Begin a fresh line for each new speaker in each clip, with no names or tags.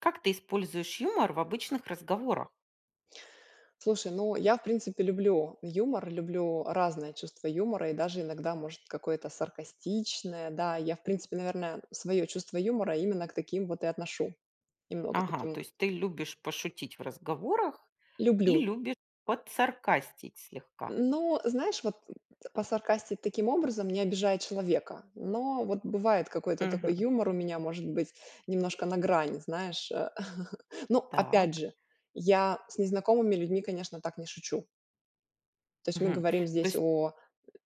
Как ты используешь юмор в обычных разговорах?
Слушай, ну, я в принципе люблю юмор, люблю разное чувство юмора и даже иногда, может, какое-то саркастичное. Да, я в принципе, наверное, своё чувство юмора именно к таким вот и отношу. Немного
Ага,
таким вот.
то есть ты любишь пошутить в разговорах и
Люблю.
любишь подсаркастить слегка.
Но, знаешь, вот, посаркастить таким образом, не обижая человека. Но вот бывает какой-то такой
Мгм.
юмор у меня, может быть, немножко на грани, знаешь, э. Но опять
Так.
же, я с незнакомыми людьми, конечно, так не шучу. То есть мы
Мгм.
говорим
То
здесь
есть
о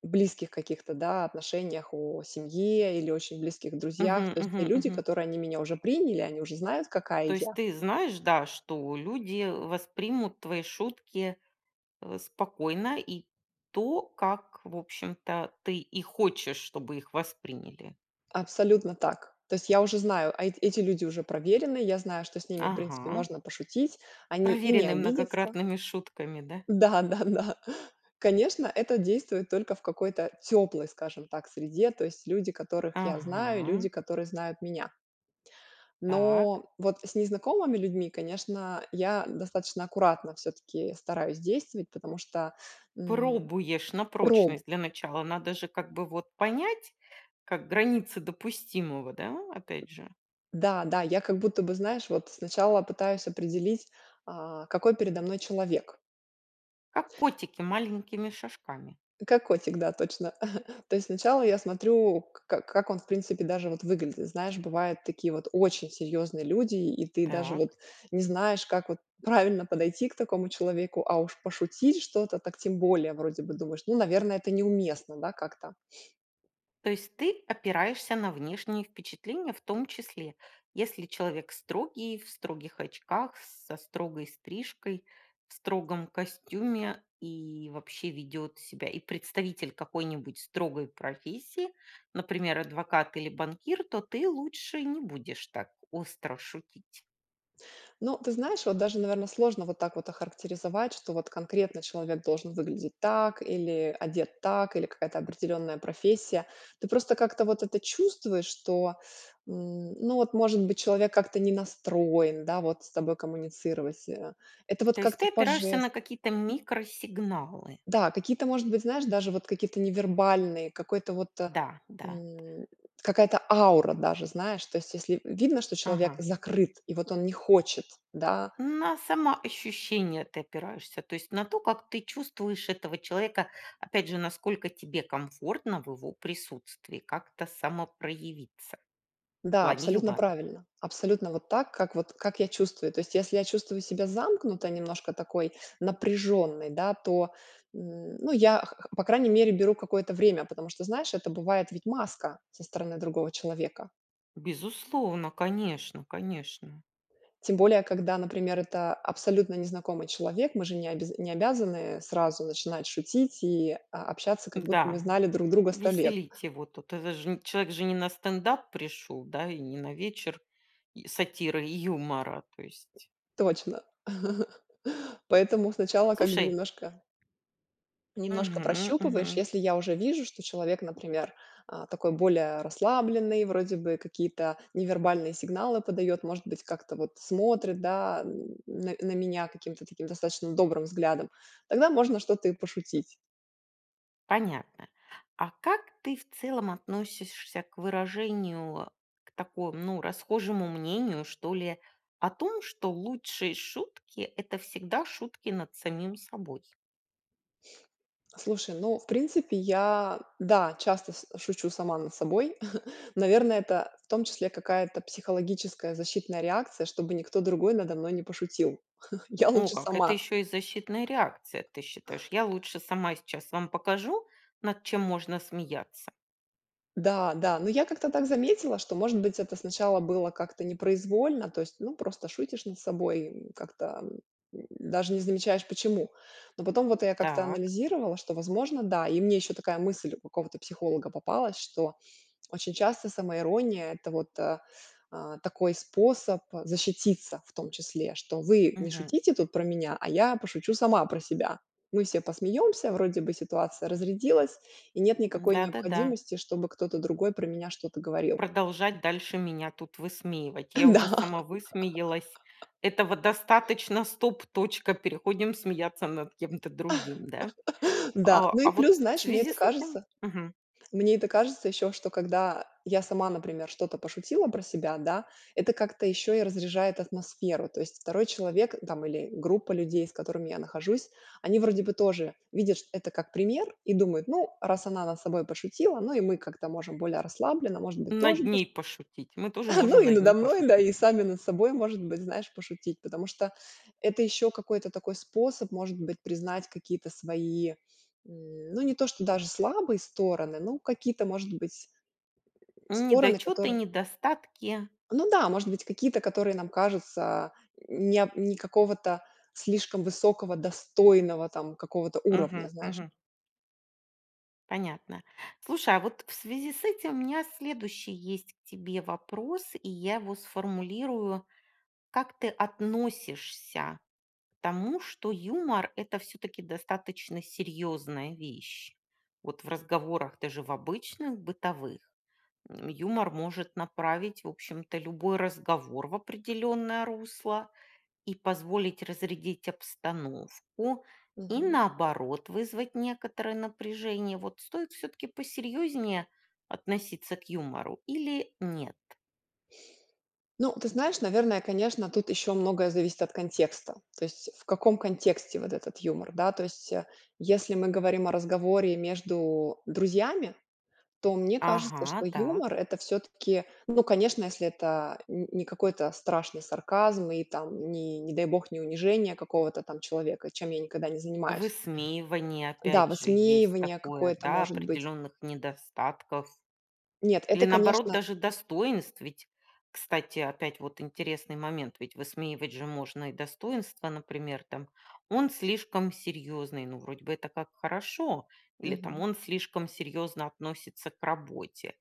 близких каких-то, да, отношениях, о семье или очень близких друзьях.
Мгм,
То есть те
мгм,
люди,
мгм.
которые они меня уже приняли, они уже знают,
То
какая
есть
я.
ты знаешь, да, что люди, э, воспримут твои шутки, э, спокойно и то, как, в общем-то, ты и хочешь, чтобы их восприняли.
Абсолютно так. То есть я уже знаю, а, эт эти люди уже проверены, я знаю, что с ними, в принципе,
Ага.
можно пошутить, они и не
Проверенный
обидятся.
многократными шутками, да?
Да-да-да. Конечно, это действует только в какой-то тёплой, скажем так, среде, то есть люди, которых я знаю,
Ага.
люди, которые знают меня.
Так.
Но вот с незнакомыми людьми, конечно, я достаточно аккуратно всё-таки стараюсь действовать, потому что, м,
Пробуешь на
пробу
прочность. Для начала надо же как бы вот понять, как границы допустимого, да, опять же.
Да, да, я как будто бы, знаешь, вот сначала пытаюсь определить, а, какой передо мной человек.
Как котики маленькими шажками.
Как котик, да, точно. То есть сначала я смотрю, к как он, в принципе, даже вот выглядит. Знаешь, бывают такие вот очень серьёзные люди, и ты даже вот
Так.
не знаешь, как вот правильно подойти к такому человеку, а уж пошутить что-то, так тем более. Вроде бы думаешь: "Ну, наверное, это неуместно, да, как-то?"
То есть ты опираешься на внешние впечатления в том числе. Если человек строгий, в строгих очках, с со строгой стрижкой, в строгом костюме и вообще ведет себя и представитель какой-нибудь строгой профессии, например, адвокат или банкир, то ты лучше не будешь так остро шутить?
Ну, ты знаешь, вот даже, наверно, сложно вот так вот охарактеризовать, что вот конкретно человек должен выглядеть так, или одет так, или какая-то определённая профессия. Ты просто как-то вот это чувствуешь, что, м, ну, вот, может быть, человек как-то не настроен, да, вот с тобой коммуницировать. Э, это вот
То есть
как-то
ты
по
опираешься
жестам.
на какие-то микросигналы?
Да, какие-то, может быть, знаешь, даже вот какие-то невербальные, какой-то вот, э,
Да, да, да.
м, какая-то аура даже, знаешь, то есть если в видно, что человек
Ага.
закрыт и вот он не хочет, да?
На самоощущение ты опираешься? То есть на то, как ты чувствуешь этого человека. Опять же, насколько тебе комфортно в его присутствии как-то самопроявиться. В
Да,
плане
абсолютно
юмора.
правильно. Абсолютно вот так, как вот как я чувствую. То есть, если я чувствую себя замкнуто немножко, такой напряженной, да, то, м, ну, я, х х по крайней мере, беру какое-то время, потому что, знаешь, это бывает ведь маска со стороны другого человека.
Безусловно, конечно, конечно!
Тем более когда, например, это абсолютно незнакомый человек, мы же не обяз обязаны, э, сразу начинать шутить и, а, общаться, как будто мы
Да,
знали друг друга 100 лет.
веселите его тут, это же не человек же не на стендап пришел, да, и не на вечер и сатиры и юмора. То есть
Точно! Поэтому сначала как бы
Слушай
немножко немножко
Мгм,
прощупываешь,
мгм.
если я уже вижу, что человек, например, а, такой более расслабленный, вроде бы какие-то невербальные сигналы подает, может быть, как-то вот смотрит, да, на на меня каким-то таким достаточно добрым взглядом, тогда можно что-то и пошутить.
Понятно. А как ты в целом относишься к выражению, к такому, ну, расхожему мнению, что ли, о том, что лучшие шутки- это всегда шутки над самим собой?
Слушай, ну, в принципе, я, да, часто су шучу сама над собой. Наверное, это в том числе какая-то психологическая защитная реакция, чтобы никто другой надо мной не пошутил. Я
О,
лучше
как это
сама.
ещё и защитная реакция, ты считаешь! Я лучше сама сейчас вам покажу, над чем можно смеяться.
Да да, но я как-то так заметила, что, может быть, это сначала было как-то непроизвольно, то есть, ну, просто шутишь над собой, м, как-то, м, даже не замечаешь, почему. Но потом вот я как-то
Так.
анализировала, что, возможно, да. И мне ещё такая мысль у какого-то психолога попалась, что очень часто самоирония- это вот, а, такой способ, а, защититься, в том числе что: "Вы не
Мгм.
шутите тут про меня, а я пошучу сама про себя. Мы все посмеемся, вроде бы ситуация разрядилась, и нет никакой
Да, да, да.
необходимости, чтобы кто-то другой про меня что-то говорил".
Продолжать дальше меня тут высмеивать. Я уже
Да.
сама высмеялась, этого достаточно. Стоп, точка. Переходим смеяться над кем-то другим, да?
Да. Ну и
А
плюс,
вот в
знаешь, мне
связи
это
с этим
кажется
мгм.
мне это кажется ещё, что, когда я сама, например, что-то пошутила про себя, да, это как-то ещё и разряжает атмосферу. То есть 2 человек, там, или группа людей, с которыми я нахожусь, они вроде бы тоже видят чт это как пример и думают: "Ну, раз она над собой пошутила, ну и мы как-то можем более расслабленно, может быть, тоже
Над
пош"
ней пошутить, мы тоже
Ну
можем
и
над ней
надо мной, да,
пошутить.
и сами над собой, может быть, знаешь, пошутить. Потому что это ещё какой-то такой способ, может быть, признать какие-то свои, м, ну, не то, что даже слабые стороны, ну, какие-то, может быть Стороны,
Недочёты,
которые
недостатки.
Ну да, может быть, какие-то, которые нам кажутся неоп не какого-то слишком высокого, достойного, там, какого-то уровня,
Мгм,
знаешь.
мгм. Понятно. Слушай, а вот в связи с этим у меня следующий есть к тебе вопрос, и я его сформулирую: как ты относишься к тому, что юмор- это всё-таки достаточно серьёзная вещь? Вот в разговорах, даже в обычных, бытовых, м, юмор может направить, в общем-то, любой разговор в определённое русло и позволить разрядить обстановку и,
Мгм.
наоборот, вызвать некоторое напряжение. Вот стоит всё-таки посерьёзнее относиться к юмору или нет?
Ну, ты знаешь, наверное, конечно, тут ещё многое зависит от контекста. То есть в каком контексте вот этот юмор, да? То есть, а, если мы говорим о разговоре между друзьями, то мне кажется,
Ага,
что
так.
юмор- это всё-таки, ну, конечно, если это н не какой-то страшный сарказм и там, ни, не дай бог, не унижение какого-то там человека, чем я никогда не занимаюсь.
Высмеивание,
Да,
опять же, есть
высмеивание
такое,
какое-то,
да,
может быть.
определённых недостатков.
Нет,
Или,
это,
наоборот,
конечно.
даже достоинств, ведь, кстати, опять вот интересный момент: ведь высмеивать же можно и достоинства, например, там: "Он слишком серьёзный". Ну, вроде бы это как хорошо. Или там:
Мгм.
"Он слишком серьёзно относится к работе".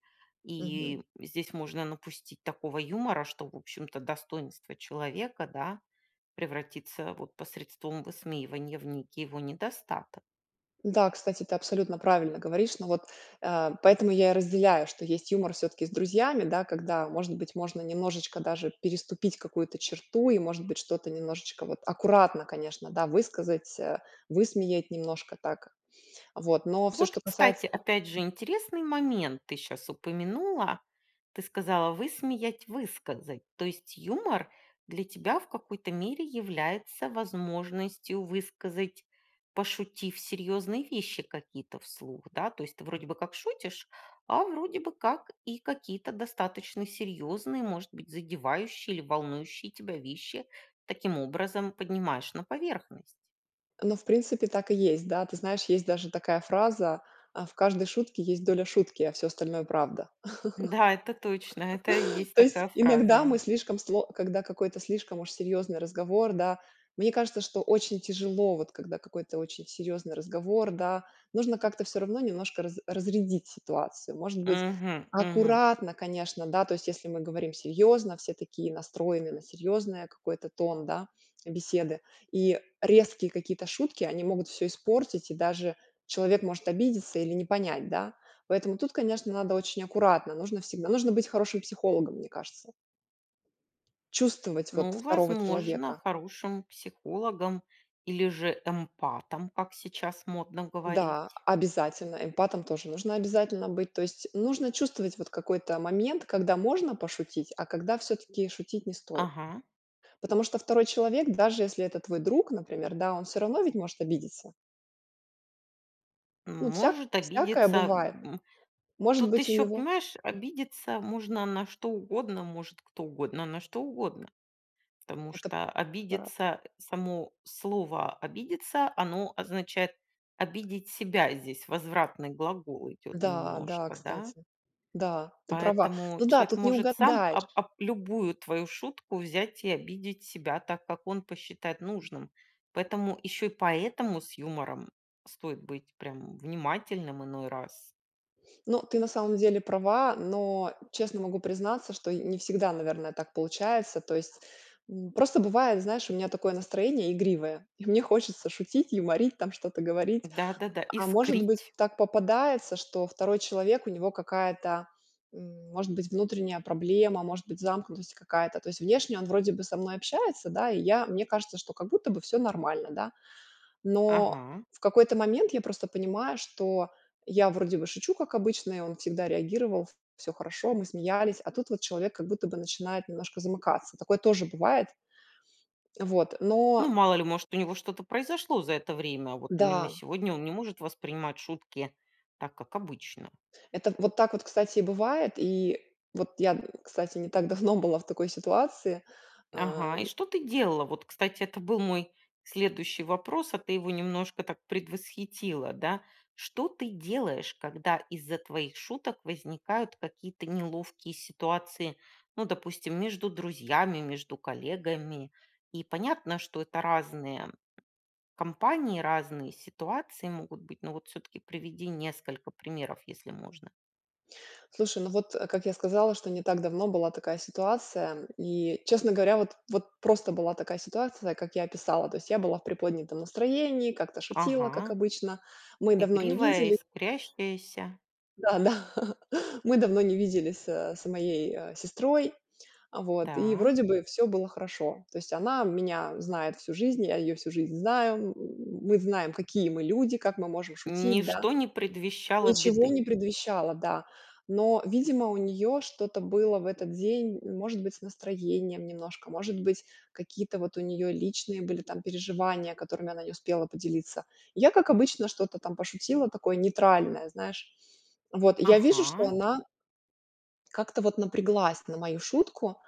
Мгм.
И здесь можно напустить такого юмора, что, в общем-то, достоинство человека, да, превратится, вот, посредством высмеивания в некий его недостаток.
Да, кстати, ты абсолютно правильно говоришь. Но вот, э, поэтому я и разделяю, что есть юмор всё-таки с друзьями, да, когда, может быть, можно немножечко даже переступить какую-то черту, и, может быть, что-то немножечко вот аккуратно, конечно, да, высказать, э, высмеять немножко так. Вот. Но всё,
Вот,
что
кстати,
касается
опять же интересный момент, ты щас упомянула. Ты сказала: "Высмеять, высказать". То есть юмор для тебя в какой-то мере является возможностью высказать, пошутив, серьёзные вещи какие-то вслух, да? То есть ты вроде бы как шутишь, а вроде бы как и какие-то достаточно серьёзные, может быть, задевающие или волнующие тебя вещи таким образом поднимаешь на поверхность.
Ну, в принципе, так и есть, да. Ты знаешь, есть даже такая фраза: э, в каждой шутке есть доля шутки, а всё остальное- правда.
Да, это точно, это есть
То есть
такая
иногда мы
фраза.
слишком, сло когда какой-то слишком уж серьёзный разговор, да, мне кажется, что очень тяжело, вот когда какой-то очень серьёзный разговор, да, нужно как-то всё равно немножко раз разрядить ситуацию. Может быть,
Мгм, мгм.
аккуратно, конечно, да, то есть если мы говорим серьёзно, все такие настроены на серьёзное какое-то тон, да, беседы. И резкие какие-то шутки, они могут всё испортить, и даже человек может обидеться или не понять, да. Поэтому тут, конечно, надо очень аккуратно, нужно всегда нужно быть хорошим психологом, мне кажется. Чувствовать, вот,
Ну,
2
возможно,
человека.
хорошим психологом или же эмпатом, как сейчас модно
Да,
говорить.
обязательно, эмпатом тоже нужно обязательно быть. То есть нужно чувствовать вот какой-то момент, когда можно пошутить, а когда всё-таки шутить не стоит.
Ага.
Потому что 2 человек, даже если это твой друг, например, да, он всё равно ведь может обидеться.
М,
Ну, всяк
может
всякое
обидеться,
бывает,
м,
может
тут
быть, у
ещё,
него
понимаешь, обидеться можно на что угодно, может кто угодно на что угодно. Потому
Это
что, а,
брат.
обидеться, само слово "обидеться"- оно означает обидеть себя, здесь возвратный глагол идёт
Да да,
немножко, да?
кстати. Да, ты права,
Поэтому
ну да,
человек
тут не
может сам об
угадаешь.
об любую твою шутку взять и обидеть себя так, как он посчитает нужным. Поэтому, ещё и поэтому, с юмором стоит быть прям внимательным иной раз.
Ну, ты на самом деле права, но честно могу признаться, что й не всегда, наверное, так получается. То есть, м, просто бывает, знаешь, у меня такое настроение игривое, и мне хочется шутить, юморить, там, что-то говорить,
Да, да, да.
а, может быть,
Искрить.
так попадается, что 2 человек, у него какая-то, м, может быть, внутренняя проблема, может быть, замкнутость какая-то. То есть внешне он вроде бы со мной общается, да, и я мне кажется, что как будто бы всё нормально, да. Но
Ага.
в какой-то момент я просто понимаю, что я вроде бы шучу, как обычно, и он всегда реагировал, ф всё хорошо, мы смеялись. А тут вот человек как будто бы начинает немножко замыкаться. Такое тоже бывает. Вот,
Ну,
но
мало ли, может, у него что-то произошло за это время, вот именно
Да.
сегодня он не может воспринимать шутки так, как обычно.
Это вот так вот, кстати, и бывает. И вот я, м, кстати, не так давно была в такой ситуации,
Ага, и
эм
что ты делала? Вот, кстати, это был мой следующий вопрос, а ты его немножко так предвосхитила, да. Что ты делаешь, когда из-за твоих шуток возникают какие-то неловкие ситуации? Ну, допустим, между друзьями, между коллегами, и понятно, что это разные компании, разные ситуации могут быть. Но вот всё-таки приведи несколько примеров, если можно.
Слушай, ну, вот, э, как я сказала, что не так давно была такая ситуация, и, честно говоря, вот вот просто была такая ситуация, как я описала. То есть я была в приподнятом настроении, как-то шутила, как
Ага.
обычно. Мы давно не
Игривая,
видели
искрящаяся.
да-да, мы давно не виделись, а, с моей, а, сестрой, а, вот. И
Да.
вроде бы всё было хорошо. То есть она меня знает всю жизнь, я её всю жизнь знаю, м, мы знаем, какие мы люди, как мы можем шутить, да.
Ничто не предвещало
Ничего
беды.
не предвещало, да. Но, видимо, у неё что-то было в этот день, может быть, с настроением немножко, может быть, какие-то вот у неё личные были там переживания, которыми она не успела поделиться. И я, как обычно, что-то там пошутила, такое нейтральное, знаешь. Вот, я вижу, что
Ага.
она как-то вот напряглась на мою шутку,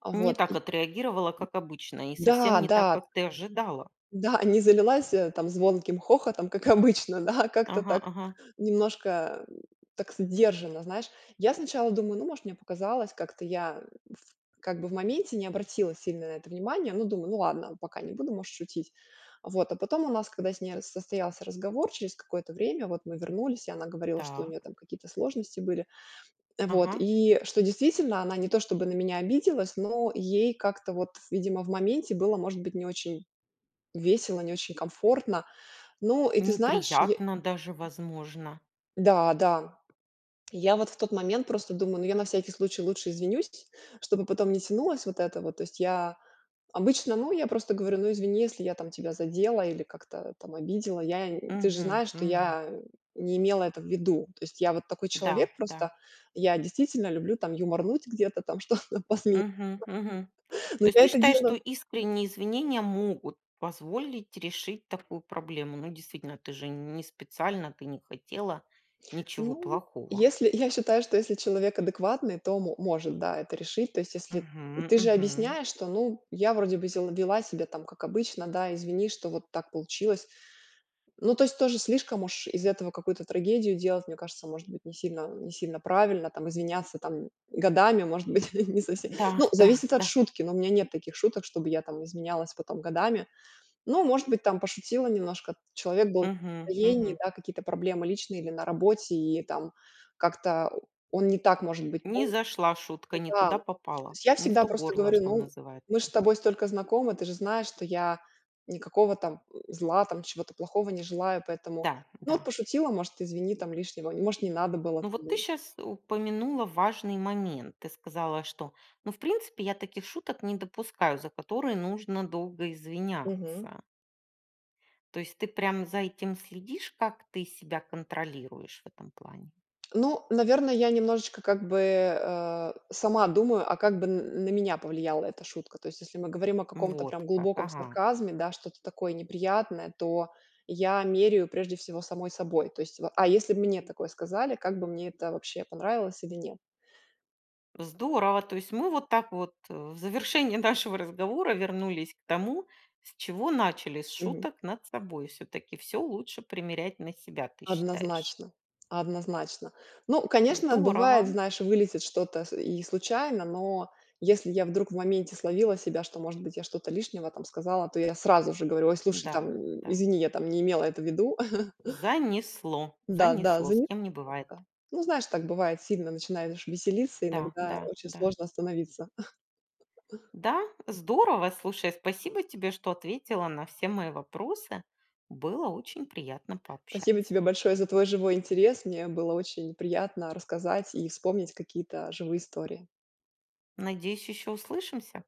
а,
Не
вот
так
и
отреагировала, как обычно, и совсем
Да,
не так,
да.
как ты ожидала.
Да, не залилась, э, там звонким хохотом, как обычно, да, а как-то
Ага,
так
ага.
немножко так сдержанно. Знаешь, я сначала думаю: "Ну, может, мне показалось". Как-то я в как бы в моменте не обратила сильно на это внимание. Ну, думаю: "Ну ладно, пока не буду, можешь шутить". Вот а потом у нас, когда с ней раз состоялся разговор, через какое-то время вот мы вернулись, и она говорила, что у
Так.
нее там какие-то сложности были, э, вот.
Ага.
И что, действительно, она не то чтобы на меня обиделась, но ей как-то вот, видимо, в моменте было, может быть, не очень весело, не очень комфортно. Ну и, ты знаешь, й
Неприятно даже, возможно.
Да, да. Я вот в тот момент просто думаю: "Ну, я на всякий случай лучше извинюсь, чтобы потом не тянулась вот это вот". То есть я обычно, ну, я просто говорю: "Ну, извини, если я там тебя задела или как-то там обидела. Я ты же
Мгм.
знаешь, что
Мгм.
я не имела это в виду". То есть я вот такой
Да,
человек
да.
просто. Я действительно люблю там юморнуть где-то, что-то посмеяться.
Мгм, мгм.
Но
То есть
я
ты
это
считаешь, что
делаю
искренние извинения могут позволить решить такую проблему? Ну, действительно, ты же не специально, ты не хотела ничего
Ну,
плохого.
если я считаю, что если человек адекватный, то мо может, да, это решить. То есть, если
Мгм,
ты же
мгм.
объясняешь, что, ну, я вроде бы сде вела себя там как обычно, да, извини, что вот так получилось. Ну, то есть тоже слишком уж из этого какую-то трагедию делать, мне кажется, может быть, не сильно не сильно правильно там. Извиняться там годами, может быть, не совсем
Да,
ну,
да,
зависит от
да.
шутки, но у меня нет таких шуток, чтобы я там изменялась потом годами. Ну, может быть, там пошутила немножко, человек был не в
Мгм,
настроении,
мгм.
да, какие-то проблемы личные или на работе, и там как-то он не так, может быть.
Не зашла шутка, не
Да,
туда
то
попала,
есть я
не в
всегда
то
просто
горло,
говорю:
что
"Ну, мы ж
называется.
с тобой столько знакомы, ты же знаешь, что я никакого там зла, там чего-то плохого не желаю. Поэтому,
Да,
ну вот
да.
пошутила, может, извини там лишнего, может, не надо было,
Ну,
там"
вот ты щас упомянула важный момент. Ты сказала, что, ну, в принципе, я таких шуток не допускаю, за которые нужно долго
Мгм.
извиняться. То есть ты прям за этим следишь, как ты себя контролируешь в этом плане?
Ну, наверное, я немножечко, как бы, а, сама думаю, а как бы н на меня повлияла эта шутка. То есть если мы говорим о каком-то прям
Вот как,
глубоком
ага.
сарказме, да, что-то такое неприятное, то я меряю прежде всего самой собой. То есть, ва а если б мне такое сказали, как бы мне это вообще, понравилось или нет?
Здорово! То есть мы вот так вот, э, в завершении нашего разговора вернулись к тому, с чего начали- с
Мгм.
шуток над собой. Всё-таки всё лучше примерять на себя, ты считаешь?
Однозначно, однозначно. Ну, конечно, бывает,
Здорово!
знаешь, вылетит что-то с и случайно, но если я вдруг в моменте словила себя, что, может быть, я что-то лишнего там сказала, то я сразу же говорю: "Ой, слушай,
Да,
там
да.
извини, я там не имела это в виду".
Занесло,
Да-да,
занесло,
за
с
ни
кем не бывает?
ка Ну, знаешь, так бывает, сильно начинаешь веселиться,
Да,
иногда
да,
очень
да.
сложно остановиться.
Да, здорово! Слушай, спасибо тебе, что ответила на все мои вопросы. Было очень приятно
Спасибо тебе
пообщаться.
большое за твой живой интерес. Мне было очень приятно рассказать и вспомнить какие-то живые истории.
Надеюсь, ещё услышимся.